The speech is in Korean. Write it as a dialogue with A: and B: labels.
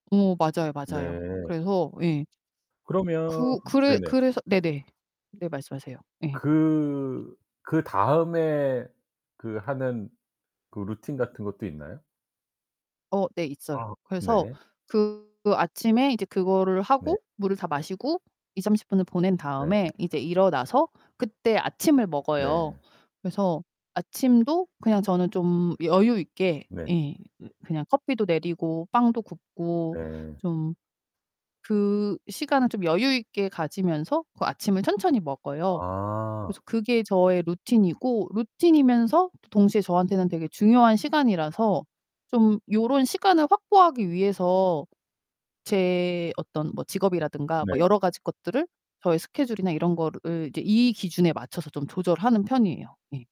A: 어 맞아요, 맞아요.
B: 네.
A: 그래서 예.
B: 그러면
A: 그 그래
B: 네네.
A: 그래서 네네. 네 말씀하세요. 예.
B: 그 그다음에 그 하는 그 루틴 같은 것도 있나요?
A: 어 네 있어요.
B: 아
A: 그래서
B: 네.
A: 그 아침에 이제 그거를
B: 네.
A: 하고 물을 다 마시고 20-30 분을 보낸
B: 네.
A: 다음에 이제 일어나서 그때 아침을 먹어요.
B: 네.
A: 그래서 아침도 그냥 저는 좀 여유 있게
B: 네.
A: 예 그 그냥 커피도 내리고 빵도 굽고
B: 네.
A: 좀 그 시간을 좀 여유 있게 가지면서 그 아침을 천천히 먹어요.
B: 아.
A: 그래서 그게 저의 루틴이고 루틴이면서 도 동시에 저한테는 되게 중요한 시간이라서 좀 요런 시간을 확보하기 위해서 제 어떤 뭐 직업이라든가 뭐
B: 네.
A: 여러 가지 것들을 저의 스케줄이나 이런 거으 를 이제 이 기준에 맞춰서 좀 조절하는 편이에요 예.